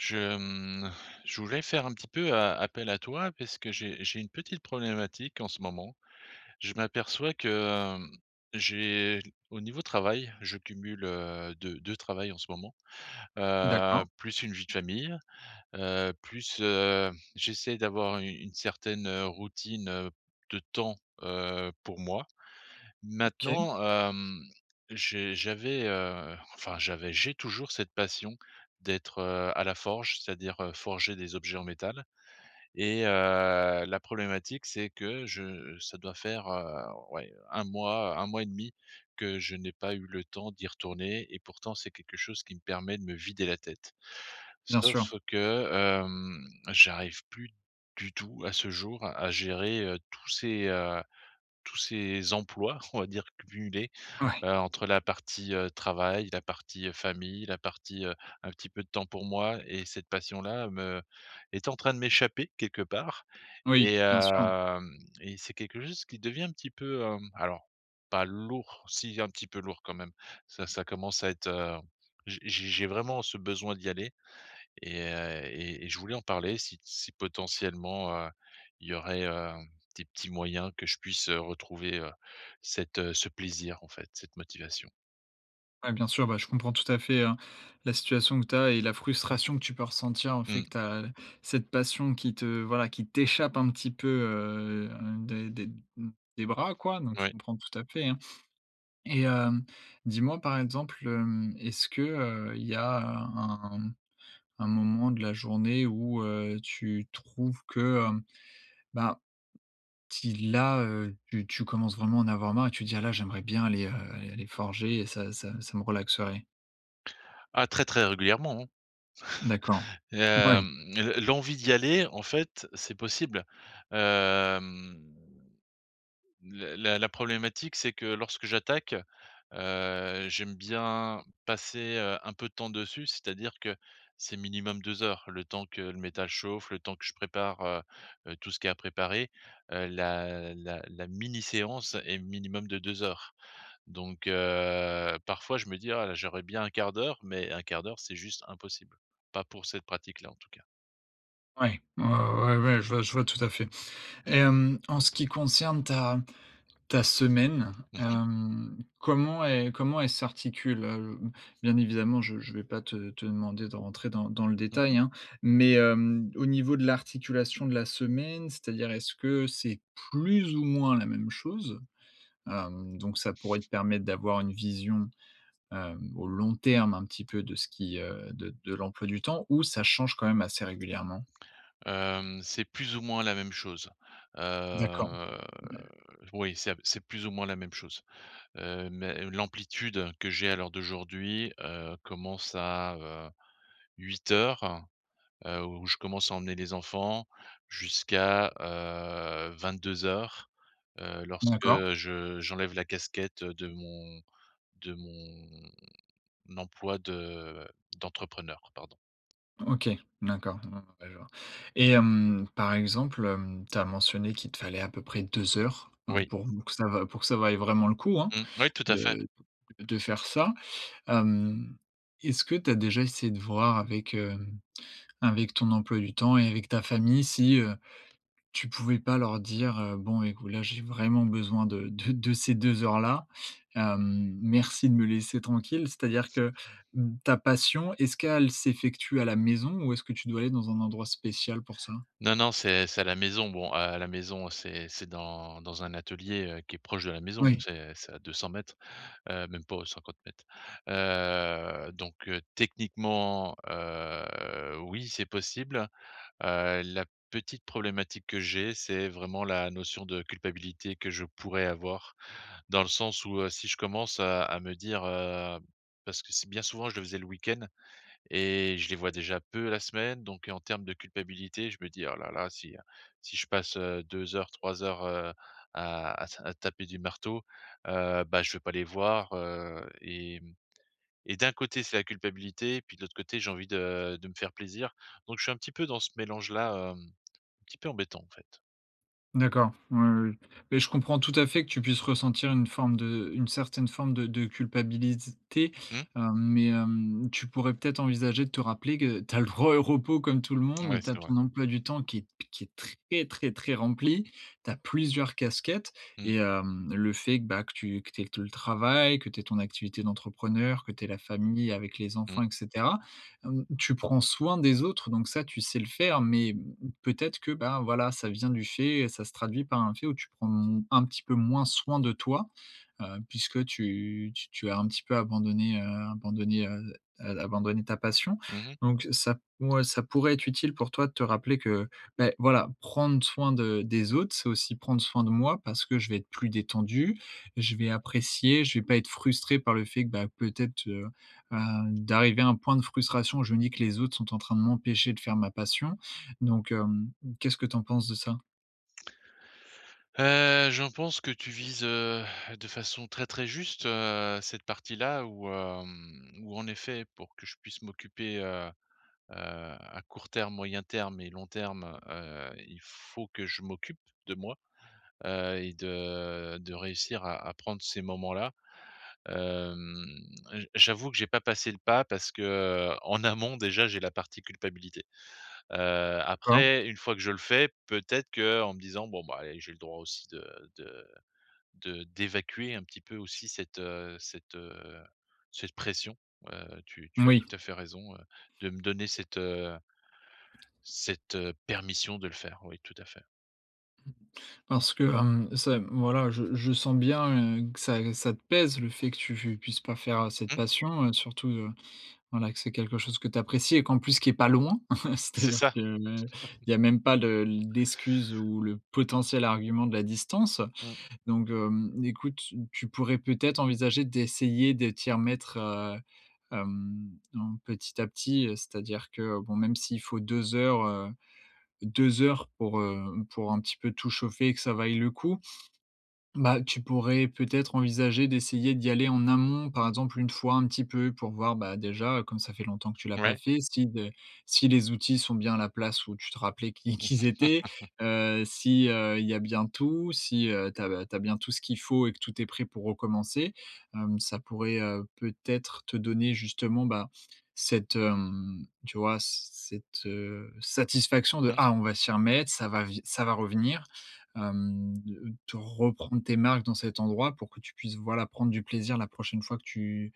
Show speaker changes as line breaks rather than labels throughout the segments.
Je, mmh, je voulais faire un petit peu a appel à toi parce que j'ai j'ai une petite problématique en ce moment, je m'aperçois que, hem, j'ai au niveau travail, je cumule, heu, 2- 2 travail en ce moment, heu,
D'accord.
plus une vie de famille, heu, plus, heu, j'essaie d'avoir u une certaine, heu, routine, heu, de temps, heu, pour moi.
OK.
Maintenant, hem, j'ai j'avais, heu, enfin, j'avais, j'ai toujours cette passion d'être, heu, à la forge. C'est-à-dire, heu, forger des objets en métal et heu, la problématique, c'est que je ça doit faire, heu, ouais, heu, 1 mois, 1 mois et demi que je n'ai pas eu le temps d'y retourner et pourtant, c'est quelque chose qui me permet de me vider la tête.
Bien
Sauf
sûr.
que, hem, j'arrive plus du tout, à ce jour, à gérer, heu, tous ces, heu, tous ces emplois, on va dire, cumulés.
Ouais.
Heu, entre la partie, heu, travail, la partie, heu, famille, la partie, heu, un petit peu de temps pour moi, et cette passion-là me est en train de m'échapper quelque part,
Oui,
et
bien sûr.
hem, et c'est quelque chose qui devient un petit peu, hem, alors pas lourd, si un petit peu lourd quand même, ça ça commence à être, heu, j j'ai j'ai vraiment ce besoin d'y aller et heu, et et je voulais en parler si si potentiellement, heu, il y aurait, heu, des petits moyens que je puisse retrouver, heu, cet, heu, ce plaisir en fait, cette motivation?
Ouais, bien sûr, bah, je comprends tout à fait, hein, la situation que tu as et la frustration que tu peux ressentir. Le fait
Mmh.
que tu as cette passion qui te, voilà, qui t'échappe un petit peu, heu, des des m des bras, quoi. Donc je
Ouais.
comprends tout à fait, hein. Et hem, dis-moi, par exemple, hem, est-ce que, heu, il y a un un un moment de la journée où, heu, tu trouves que, hem, bah, si là, heu, tu tu commences vraiment à en avoir marre et tu dis: «Ah là, j'aimerais bien aller, heu, aller aller forger et ça ça ça me relaxerait»?
Ah, très, très régulièrement, hein.
D'accord,
Et
mouais.
hem, l l'envie d'y aller, en fait, c'est possible. Hem, la la la problématique, c'est que lorsque j'attaque, heu, j'aime bien passer, heu, un peu de temps dessus, c'est-à-dire que c'est minimum 2 heures, le temps que le métal chauffe, le temps que je prépare, heu, heu, tout ce qui est à préparer, heu, la la la mini séance est minimum de 2 heures. Donc, heu, parfois, je me dis «Ah, j'aurais bien 1/4 d'heure», mais 1/4 d'heure c'est juste impossible, pas pour cette pratique là, en tout cas.
Ouais. Ouais, ouais, ouais, ouais, je vois je vois tout à fait. Et hem, en ce qui concerne ta ta semaine,
Mmh mh.
hem, comment el comment elle s'articule, heu? B bien évidemment, je je vais pas te te demander de rentrer dans dans le
Mmh
détail,
mh.
hein. Mais, hem, au niveau de l'articulation de la semaine, c'est-à-dire est-ce que c'est plus ou moins la même chose? Hem, donc ça pourrait te permettre d'avoir une vision, hem, au long terme, un petit peu, de ce qui, heu, de de l'emploi du temps, ou ça change quand même assez régulièrement?
Hem. C'est plus ou moins la même chose.
D'accord.
Heu,
Ouais.
oui, c'est c'est plus ou moins la même chose. Heu, mais l'amplitude que j'ai à l'heure d'aujourd'hui, heu, commence à, heu, 08:00, heu, où je commence à emmener les enfants, jusqu'à, heu, 22:00, heu, lorsque
D'accord.
je j'enlève la casquette de mon de mon emploi de d'entrepreneur, pardon.
OK, d'accord. Ah ouais, je vois. Et hem, par exemple, hem, tu as mentionné qu'il te fallait à peu près 2 heures, hein,
Oui.
pour que ça va pour que ça vaille vraiment le coup, hein,
Mmh. Ouais, tout à fait.
de d de faire ça. Hem, est-ce que tu as déjà essayé de voir avec, hem, avec ton emploi du temps et avec ta famille si, heu, tu pouvais pas leur dire: «Heu, bon écoute, là, j'ai vraiment besoin de de de ces 2 heures-là, hem, merci de me laisser tranquille»? C'est-à-dire que ta passion, est-ce qu'elle s'effectue à la maison ou est-ce que tu dois aller dans un endroit spécial pour ça?
Non, non, c'est c'est à la maison. Bon, à à la maison, c'est c'est dans dans un atelier, heu, qui est proche de la maison.
Oui.
C'est c'est à 200 m, heu, même pas, aux 50 m. Heu, donc heu, techniquement, heu, oui, c'est possible. Heu, la petite problématique que j'ai, c'est vraiment la notion de culpabilité que je pourrais avoir, dans le sens où, heu, si je commence à à me dire, heu parce que c'est bien souvent, je le faisais le week-end, et je les vois déjà peu la semaine, donc, en termes de culpabilité je me dis: «Oh là là si, heu, si je passe, heu, 2 heures, 3 heures, heu, à à ta à taper du marteau, heu bah, je vais pas les voir, heu». Et mmh et d'un côté, c'est la culpabilité, puis de l'autre côté, j'ai envie de de me faire plaisir. Donc je suis un petit peu dans ce mélange-là, hem, un petit peu embêtant, en fait.
D'accord, oui, oui, oui, mais je comprends tout à fait que tu puisses ressentir une forme de une certaine forme de de culpabilité,
Mmh.
hem, mais hem, tu pourrais peut-être envisager de te rappeler que tu as le droit au repos comme tout le
Ouais,
monde. Tu as
c'est vrai.
ton emploi du temps qui est qui est très, très, très rempli, tu as plusieurs casquettes
Mmh.
et hem, le fait que, bah, que tu que tu aies te le travail, que tu aies ton activité d'entrepreneur, que tu aies la famille avec les enfants,
Mmh.
et cetera. Hem, tu prends soin des autres, donc ça, tu sais le faire, mais peut-être que, ben, voilà, ça vient du fait ça se traduit par un fait où tu prends, mmh, un petit peu moins soin de toi. Heu, puisque tu tu tu as un petit peu abandonné, heu, abandonné, heu, heu, abandonné ta passion,
Mmh mh.
donc ça ouais, ça pourrait être utile pour toi de te rappeler que, beh, voilà, prendre soin de des autres, c'est aussi prendre soin de moi parce que je vais être plus détendu. Je vais apprécier, je vais pas être frustré par le fait que, bah, peut-être, heu, heu, d'arriver à un point de frustration. Je me dis que les autres sont en train de m'empêcher de faire ma passion, donc hem, qu'est-ce que tu en penses de ça?
Heu, j'en pense que tu vises, heu, de façon très, très juste, heu, cette partie-là où, hem, où en effet, pour que je puisse m'occuper, heu, heu, à court terme, moyen terme et long terme, heu, il faut que je m'occupe de moi. Heu, et de de réussir à à prendre ces moments-là. Hem, j j'avoue que j'ai pas passé le pas, parce que, heu, en amont déjà, j'ai la partie culpabilité. Heu,
Cor.
après 1 fois que je le fais, peut-être qu'en me disant: «Bon, ben, eh, j'ai le droit aussi de de de d'évacuer un petit peu aussi cette, heu, cette, heu, cette pression», heu, tu tu as
Moui.
tout à fait raison, heu, de me donner cette, heu cette, heu, permission de le faire, oui, tout à fait.
Mmh. Parce que, hem, c'est, mmh, voilà, je je sens bien, heu, que ça g ça te pèse, le fait que tu fu puisses pas faire, heu, cette
Mmh.
passion, heu, surtout de, voilà, que c'est quelque chose que tu apprécies et qu'en plus, qui est pas loin,
C'est
c'est-à-dire
ça.
que, il y a même pas le l'excuse ou le potentiel argument de la distance.
Mmh.
Donc hem, écoute, s tu pourrais peut-être envisager d'essayer de t'y remettre, heu, hem, en petit à petit, heu, c'est-à-dire que bon, même, s'il faut 2 heures, heu, 2 heures pour, heu, pour un petit peu tout chauffer et que ça vaille le coup. Bah, tu pourrais peut-être envisager d'essayer d'y aller en amont. Par exemple, 1 fois, un petit peu pour voir, bah, déjà, heu, comme ça fait longtemps que tu l'as pas
Ouais.
fait, si d heu, si les outils sont bien à la place où tu te rappelais qu'i qu'ils étaient. Heu, si, heu, il y a bien tout. Si heu, tu as ba tu as bien tout ce qu'il faut et que tout est prêt pour recommencer. Hem, ça pourrait, heu, peut-être te donner, justement, bah, cette, hem, tu vois, c cette, heu, satisfaction de:
Mmh.
«Ah, on va s'y remettre, ça va vi ça va revenir». Hem, de te reprendre tes marques dans cet endroit pour que tu puisses, voilà, prendre du plaisir la prochaine fois que tu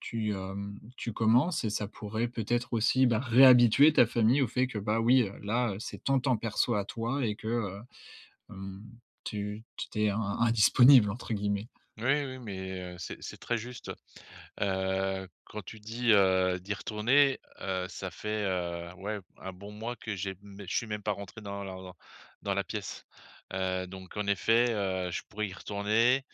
tu, hem, tu commences et ça pourrait peut-être aussi, bah, réhabituer ta famille au fait que, bah, oui, heu, là, c'est ton temps perso à toi et que, heu, hem, tu tu tu es in «indisponible» entre guillemets.
Oui, oui, mais, heu, c'est c'est très juste. Heu, quand tu dis, heu, d'y retourner, heu, ça fait, heu, ouais b un bon mois que j'ai mê je suis même pas rentré dans lar lor dans la pièce. Heu, donc en effet, heu, je pourrais y retourner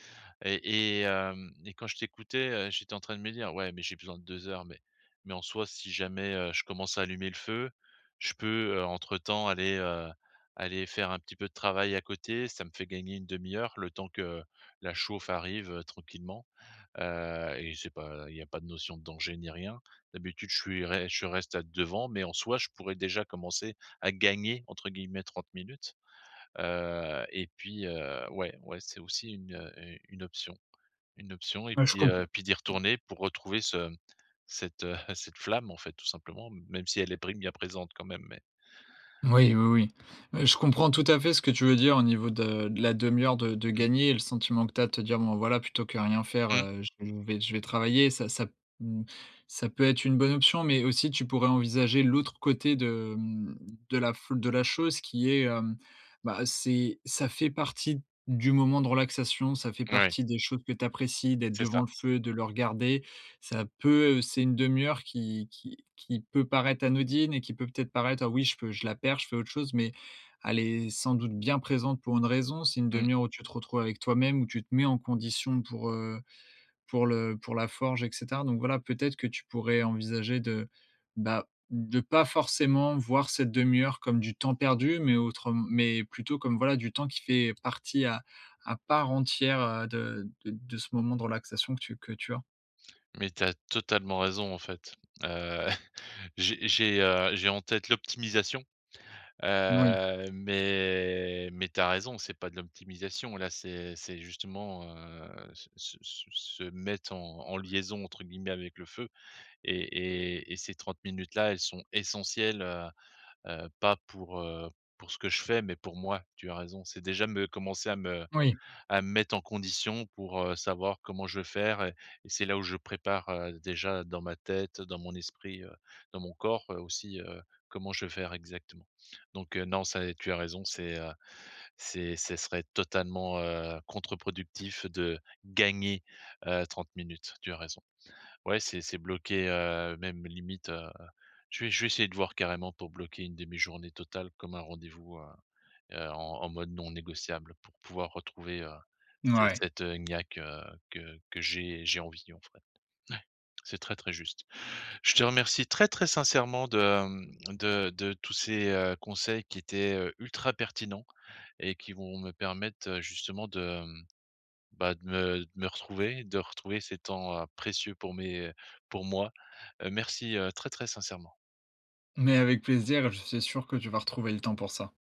et et hem, et quand je t'écoutais, heu, j'étais en train de me dire: «Ouais, mais j'ai besoin de 2 heures mais mais en soi, si jamais, heu, je commence à allumer le feu, je peux, heu, entre temps aller, heu, aller faire un petit peu de travail à côté, ça me fait gagner 1/2 le temps que la chauffe arrive, heu, tranquillement». Heu, et c'est pas il y a pas de notion de danger, ni rien. D'habitude je suis rai je reste a devant, mais en soi je pourrais déjà commencer à «gagner», entre guillemets, 30 minutes. Heu, et puis, heu, ouais, ouais, c'est aussi une, heu, heu, une option une option et
Ouais, je
puis,
comp
heu, puis d'y retourner pour retrouver ce, mmh, cette, heu, cette flamme en fait, tout simplement, m même si elle est prim bien présente quand même mais
Oui, oui, oui. Heu, je comprends tout à fait ce que tu veux dire au niveau de de la demi-heure de de
Mmh.
gagnée et le sentiment que tu as de te dire: «Bon, voilà, plutôt que rien faire,
Mmh.
heu, je vais je vais je vais travailler». Ça ça, mmh, ça peut être une bonne option, mais aussi tu pourrais envisager l'autre côté de, mmh, de la fl de la chose qui est, hem, bah, c'est ça fait partie du moment de relaxation, ça fait
Ouais.
partie des choses que tu apprécies d'être
C'est
devant
ça.
le feu et de le regarder, ça peut c'est 1/2 qui qui qui peut paraître anodine et qui peut peut-être paraître: «Ah oui, je peux je la perds, je fais autre chose», mais elle est sans doute bien présente pour une raison. C'est une
Mmh.
demi-heure où tu te retrouves avec toi-même, où tu te mets en condition pour, heu, pour le pour la forge et cetera. Donc voilà, peut-être que tu pourrais envisager de, bah, de pas forcément voir cette demi-heure comme du temps perdu mais autrem mais plutôt comme, voilà, du temps qui fait partie à à part entière, heu, de de de ce moment de relaxation que tu que tu as.
Mais tu as totalement raison, en fait. Heu, j'ai j'ai, heu, j'ai en tête l'optimisation.
Moui.
Heu, mais mais tu as raison, c'est pas de l'optimisation là, c'est c'est justement, heu, se se se se mettre en en «liaison», entre guillemets, avec le feu. Et et et ces 30 minutes là, elles sont essentielles, heu, heu, pas pour, heu, pour ce que je fais, mais pour moi, tu as raison. C'est déjà me commencer à me
Oui.
à me mettre en condition pour, heu, savoir comment je vais faire et et c'est là où je prépare, heu, déjà dans ma tête, dans mon esprit, heu, dans mon corps, heu, aussi, heu, comment je vais faire exactement. Donc heu, non, ça et tu as raison, c'est, heu, c'est c'est serait totalement, heu, contre-productif de gagner, heu, 30 minutes, tu as raison. Ouais, c'est c'est bloqué, heu, même limite, heu, je vais je vais essayer de voir carrément pour bloquer 1/2 journée totale, comme un rendez-vous, heu, heu, en en mode non négociable pour pouvoir retrouver, heu,
N
ce
ouais.
cette, heu, niaque, heu, que que j'ai j'ai envie, en fait. Ouais, c'est très, très juste. Je te remercie très, très sincèrement de, mmh, de de tous ces, heu, conseils qui étaient, heu, ultra pertinents et qui vont me permettre, heu, justement de, mmh, bah, de me de me retrouver, de retrouver ces temps, heu, précieux pour mes pour moi. Heu, merci, heu, très, très sincèrement.
Mais avec plaisir, je suis sûr que tu vas retrouver le temps pour ça.